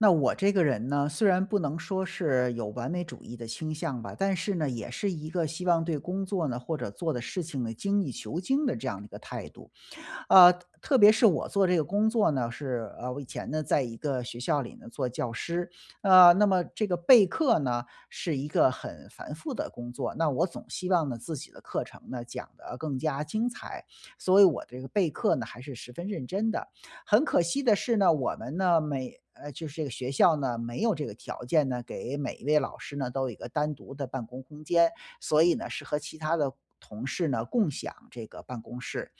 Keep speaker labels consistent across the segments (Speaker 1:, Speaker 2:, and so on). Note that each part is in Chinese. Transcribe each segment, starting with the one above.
Speaker 1: 那我这个人呢，虽然不能说是有完美主义的倾向吧。但是呢也是一个希望对工作呢，或者做的事情呢，精益求精的这样一个态度。呃，特别是我做这个工作呢，是，呃，我以前呢，在一个学校里呢做教师。啊，那么这个备课呢，是一个很繁复的工作，那我总希望呢，自己的课程呢，讲得更加精彩，所以我这个备课呢还是十分认真的。很可惜的是呢，我们呢每呃就是这个学校呢，没有这个条件呢，给每一位老师呢，都有一个单独的办公空间。所以呢，是和其他的同事呢，共享这个办公室。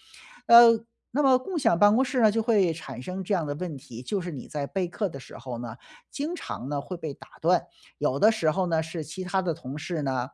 Speaker 1: 呃，那么共享办公室呢，就会产生这样的问题。就是你在备课的时候呢，经常呢会被打断。有的时候呢，是其他的同事呢，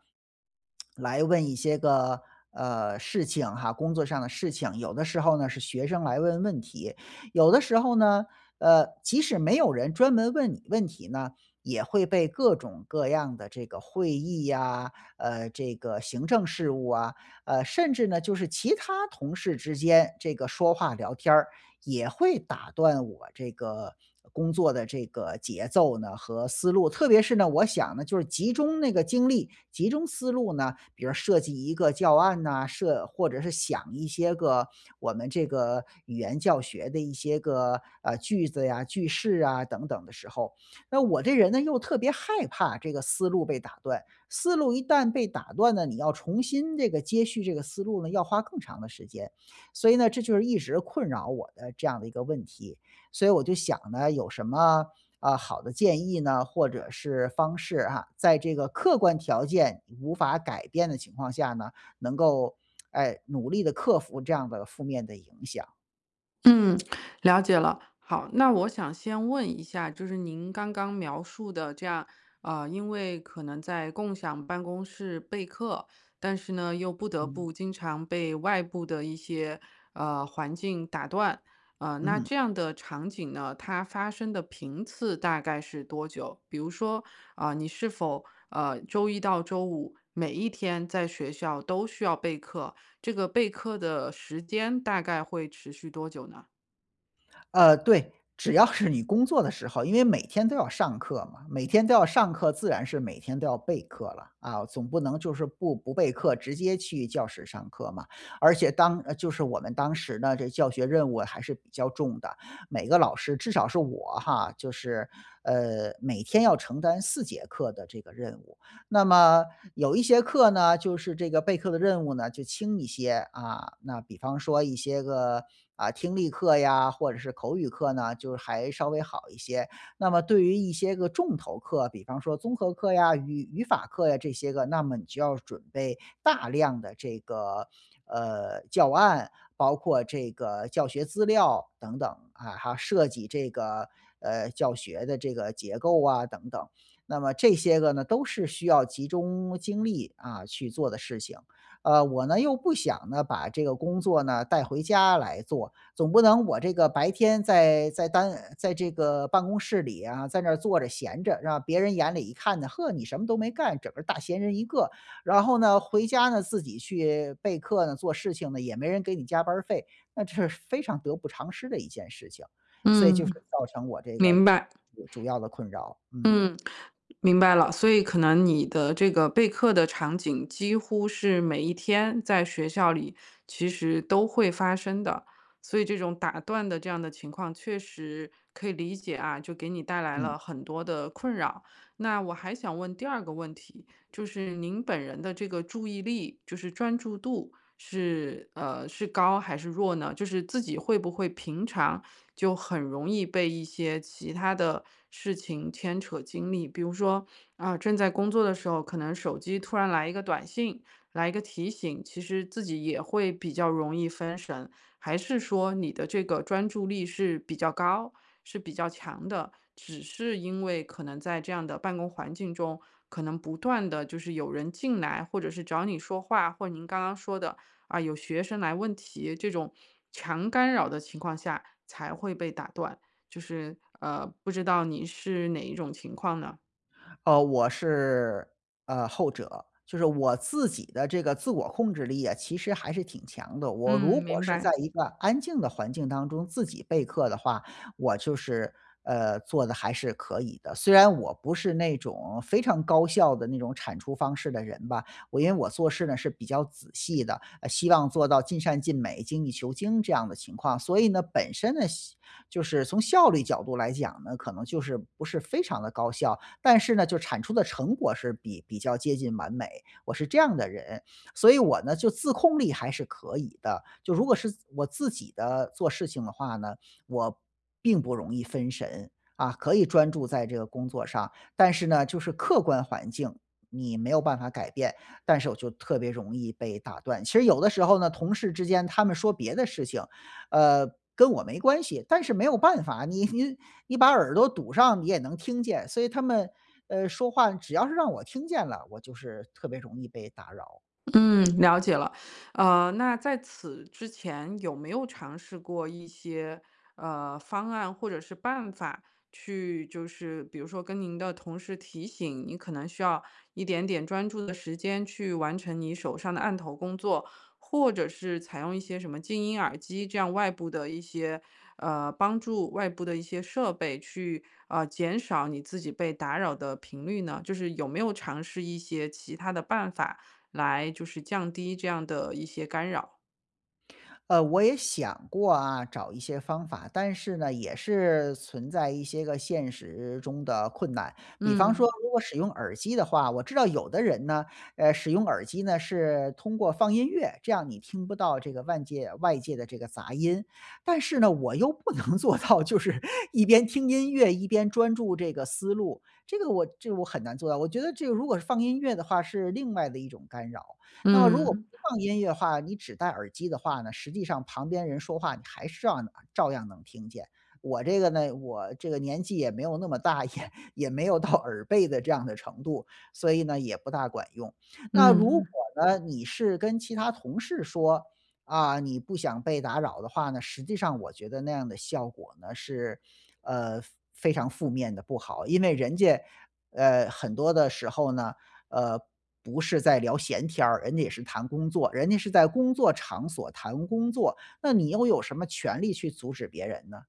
Speaker 1: 来问一些个，呃，事情哈，工作上的事情。有的时候呢是学生来问问题。有的时候呢，呃，即使没有人专门问你问题呢，也会被各种各样的这个会议啊，呃，这个行政事务啊，呃，甚至呢，就是其他同事之间这个说话聊天儿，也会打断我这个工作的这个节奏呢和思路。特别是呢，我想呢，就是集中那个精力，集中思路呢比如设计一个教案呐，设或者是想一些个我们这个语言教学的一些个，啊，句子呀、句式啊，等等的时候。那我这人呢，又特别害怕这个思路被打断。思路一旦被打断了，你要重新这个接续这个思路呢，要花更长的时间。所以呢，这就是一直困扰我的这样的一个问题。所以我就想呢，有什么，呃，好的建议呢，或者是方式啊，在这个客观条件无法改变的情况下呢，能够，哎，努力地克服这样的负面的影响。
Speaker 2: 嗯，了解了。好，那我想先问一下，就是您刚刚描述的这样，呃，因为可能在共享办公室备课，但是呢，又不得
Speaker 1: 嗯。
Speaker 2: 不经常被外部的一些，呃，环境打断。呃，那
Speaker 1: 嗯。
Speaker 2: 这样的场景呢，它发生的频次大概是多久？比如说，啊，你是否，呃，周一到周五每一天在学校都需要备课，这个备课的时间大概会持续多久呢？
Speaker 1: 呃，对。只要是你工作的时候，因为每天都要上课嘛，每天都要上课，自然是每天都要备课了。啊，总不能就是不不备课，直接去教室上课嘛。而且当就是我们当时呢，这教学任务还是比较重的。每个老师至少是我哈，就是，呃，每天要承担4节课的这个任务。那么有一些课呢，就是这个备课的任务呢，就轻一些。啊，那比方说一些个，啊，听力课呀，或者是口语课呢，就还稍微好一些。那么对于一些个重头课，比方说综合课呀，语语法课呀这些个，那么你就要准备大量的这个，呃，教案。包括这个教学资料等等啊，还要设计这个，呃，教学的这个结构啊等等。那么这些个呢，都是需要集中精力，啊，去做的事情。呃，我呢，又不想呢，把这个工作呢带回家来做。总不能我这个白天在在单在这个办公室里啊，在那儿坐着闲着，让别人眼里一看呢，“嗬，你什么都没干，整个大闲人一个。”然后呢，回家呢，自己去备课呢，做事情呢，也没人给你加班儿费，那这是非常得不偿失的一件事情。所以就是
Speaker 2: 嗯。
Speaker 1: 造成我这个
Speaker 2: 明白。
Speaker 1: 主主要的困扰，嗯。
Speaker 2: 嗯，明白了。所以可能你的这个备课的场景几乎是每一天在学校里其实都会发生的，所以这种打断的这样的情况确实可以理解啊，就给你带来了
Speaker 1: 嗯。
Speaker 2: 很多的困扰。那我还想问第二个问题，就是您本人的这个注意力，就是专注度，是，呃，是高还是弱呢？就是自己会不会平常就很容易被一些其他的事情牵扯精力。比如说，啊，正在工作的时候，可能手机突然来一个短信、来一个提醒，其实自己也会比较容易分神。还是说你的这个专注力是比较高、是比较强的，只是因为可能在这样的办公环境中，可能不断地就是有人进来，或者是找你说话，或您刚刚说的，啊，有学生来问题，这种 强干扰的情况下才会被打断。就是呃，不知道你是哪一种情况呢？
Speaker 1: 呃，我是，呃，后者，就是我自己的这个自我控制力啊，其实还是挺强的。我如
Speaker 2: 嗯，
Speaker 1: 果
Speaker 2: 明
Speaker 1: 是在
Speaker 2: 白。
Speaker 1: 一个安静的环境当中自己备课的话，我就是，呃，做得还是可以的。虽然我不是那种非常高效的那种产出方式的人吧，我因为我做事呢是比较仔细的，呃，希望做到尽善尽美，精益求精这样的情况。所以呢，本身呢，效就是从效率角度来讲呢，可能就是不是非常地高效，但是呢，就产出的成果是比比较接近完美，我是这样的人。所以我呢，就自控力还是可以的，就如果是我自己的做事情的话呢，我并不容易分神，啊，可以专注在这个工作上。但是呢，就是客观环境，你没有办法改变，但是我就特别容易被打断，其实有的时候呢，同事之间他们说别的事情，呃，跟我没关系，但是没有办法，你你你把耳朵堵上你也能听见，所以他们，呃，说话只要是让我听见了，我就是特别容易被打扰。
Speaker 2: 嗯，了解了。呃，那在此之前有没有尝试过一些，呃，方案或者是办法去就是比如说跟您的同事提醒，您可能需要一点点专注的时间去完成你手上的案头工作，或者是采用一些什么静音耳机这样外部的一些，呃，帮助，外部的一些设备去，呃，减少你自己被打扰的频率呢？就是有没有尝试一些其它的办法来就是降低这样的一些干扰？
Speaker 1: 呃，我也想过啊，找一些方法，但是呢，也是存在一些个现实中的困难。比方说
Speaker 2: 嗯。
Speaker 1: 如果使用耳机的话，我知道有的人呢，呃，使用耳机呢是通过放音乐，这样你听不到这个外界外界的这个杂音。但是呢，我又不能做到就是一边听音乐一边专注这个思路，这个我我这个我很难做到，我觉得这个如果是音乐的话是另外的一种干扰，那么如果不
Speaker 2: 嗯。
Speaker 1: 放音乐的话，你只戴耳机的话呢，实际上旁边人说话你还是照样能照样能听见。我这个呢，我这个年纪也没有那么大，也也没有到耳背的这样的程度，所以呢，也不大管用。那如果
Speaker 2: 嗯。
Speaker 1: 呢，你是跟其他同事说，啊，你不想被打扰的话呢，实际上我觉得那样的效果呢，是呃，非常负面地不好，因为人家，呃，很多的时候呢，呃，不是在聊闲天儿，人家也是谈工作，人家是在工作场所谈工作，那你又有什么权利去阻止别人呢？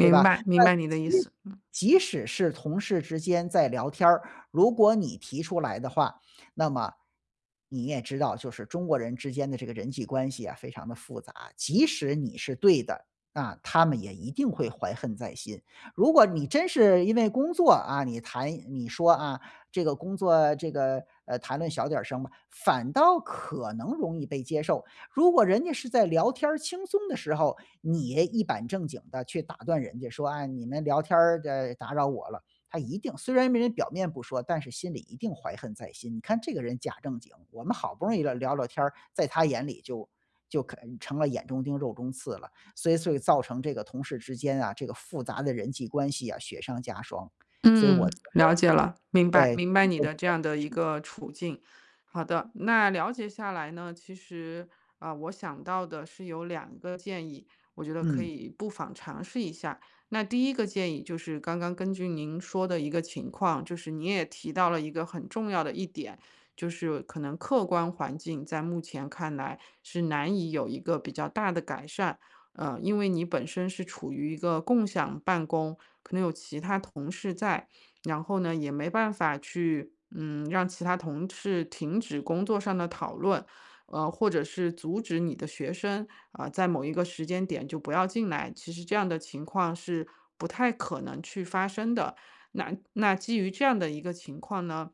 Speaker 1: 对吧。
Speaker 2: 白，明
Speaker 1: 那
Speaker 2: 白你的意
Speaker 1: 即
Speaker 2: 思。嗯。
Speaker 1: 即使是同事之间在聊天儿，如果你提出来的话，那么你也知道就是中国人之间的这个人际关系啊，非常的复杂，即使你是对的，啊，他们也一定会怀恨在心。如果你真是因为工作啊，你谈你说啊，这个工作这个，呃，谈论小点儿声吧，反倒可能容易被接受。如果人家是在聊天儿轻松的时候，你也一板正经地去打断人家说，哎，你们聊天儿的打扰我了，他一定虽然没人表面不说，但是心里一定怀恨在心，你看这个人假正经，我们好不容易聊聊聊天儿，在他眼里就就可能成了眼中钉肉中刺了。所以所以造成这个同事之间啊，这个复杂的人际关系啊，雪上加霜。所以我
Speaker 2: 嗯，
Speaker 1: 觉
Speaker 2: 了解了，明
Speaker 1: 得
Speaker 2: 白，
Speaker 1: 对，可
Speaker 2: 明白
Speaker 1: 能
Speaker 2: 你
Speaker 1: 都不
Speaker 2: 的
Speaker 1: 太
Speaker 2: 这样
Speaker 1: 合
Speaker 2: 的一
Speaker 1: 适。
Speaker 2: 个处境。好的，那了解下来呢，其实，呃，我想到的是有2个建议，我觉得可
Speaker 1: 嗯。
Speaker 2: 以不妨尝试一下。那第一个建议就是刚刚根据您说的一个情况，就是你也提到了一个很重要的一点，就是可能客观环境在目前看来是难以有一个比较大的改善，呃，因为你本身是处于一个共享办公，可能有其他同事在，然后呢也没办法去，嗯，让其他同事停止工作上的讨论，呃，或者是阻止你的学生，呃，在某一个时间点就不要进来，其实这样的情况是不太可能去发生的。那那基于这样的一个情况呢，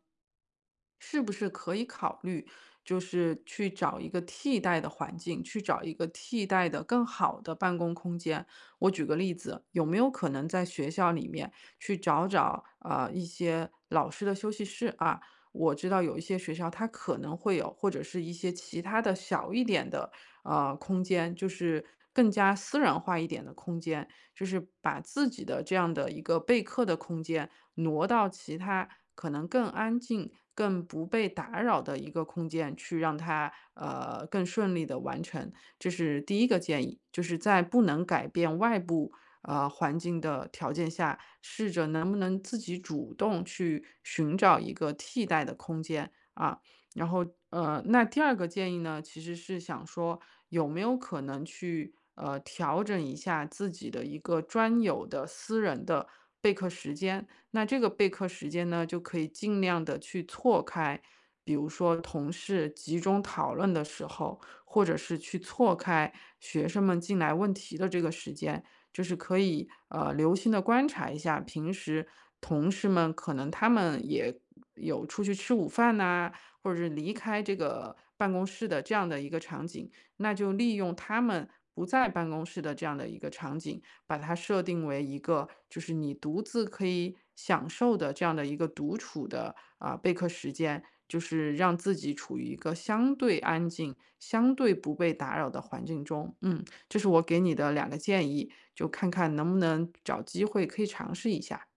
Speaker 2: 是不是可以考虑就是去找一个替代的环境，去找一个替代的更好的办公空间。我举个例子，有没有可能在学校里面去找找，呃，一些老师的休息室啊，我知道有一些学校它可能会有，或者是一些其它的小一点的，呃，空间，就是更加私人化一点的空间，就是把自己的这样的一个备课的空间，挪到其它可能更安静、更不被打扰的一个空间去让它，呃，更顺利地完成。这是第一个建议，就是在不能改变外部，呃，环境的条件下，试着能不能自己主动去寻找一个替代的空间，啊。然后，呃，那第二个建议呢，其实是想说有没有可能去，呃，调整一下自己的一个专有的私人的备课时间，那这个备课时间呢，就可以尽量地去错开。比如说同事集中讨论的时候，或者是去错开学生们进来问题的这个时间，就是可以，呃，留心地观察一下平时同事们可能他们也有出去吃午饭呐，或者是离开这个办公室的这样的一个场景，那就利用他们不在办公室的这样的一个场景，把它设定为一个就是你独自可以享受的这样的一个独处的，呃，备课时间，就是让自己处于一个相对安静、相对不被打扰的环境中。嗯，这是我给你的2个建议，就看看能不能找机会可以尝试一下。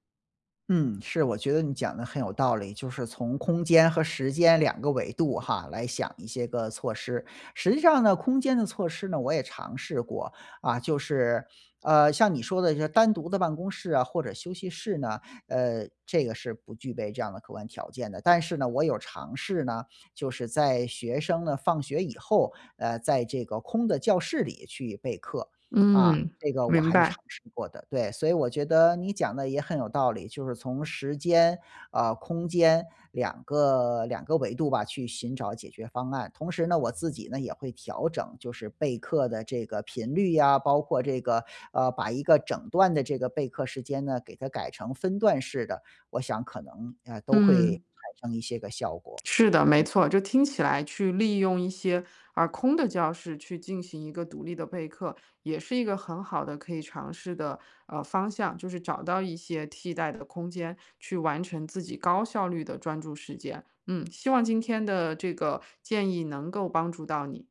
Speaker 1: 嗯，是，我觉得你讲得很有道理，就是从空间和时间两个维度哈，来想一些个措施。实际上呢，空间的措施呢，我也尝试过，啊，就是，呃，像你说的单独的办公室啊或者休息室呢，呃，这个是不具备这样的客观条件的，但是呢，我有尝试呢，就是在学生呢放学以后，呃，在这个空的教室里去备课。啊，
Speaker 2: 嗯，
Speaker 1: 这个我
Speaker 2: 明
Speaker 1: 还是尝
Speaker 2: 白。
Speaker 1: 试过的。对，所以我觉得你讲得也很有道理，就是从时间，啊，空间两个两个维度吧去寻找解决方案。同时呢，我自己呢，也会调整就是备课的这个频率呀，包括这个，呃，把一个整段的这个备课时间呢，给它改成分段式的，我想可能，啊，都会
Speaker 2: 嗯。
Speaker 1: 产生一些个效果。
Speaker 2: 是的，没
Speaker 1: 嗯。
Speaker 2: 错，就听起来去利用一些，啊，空的教室去进行一个独立的备课，也是一个很好的可以尝试的，呃，方向，就是找到一些替代的空间去完成自己高效率的专注时间。嗯，希望今天的这个建议能够帮助到你。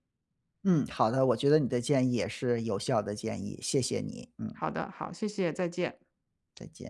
Speaker 1: 嗯，好的，我觉得你的建议也是有效的建议，谢谢你，嗯。
Speaker 2: 好的，好，谢谢，再见。
Speaker 1: 再见。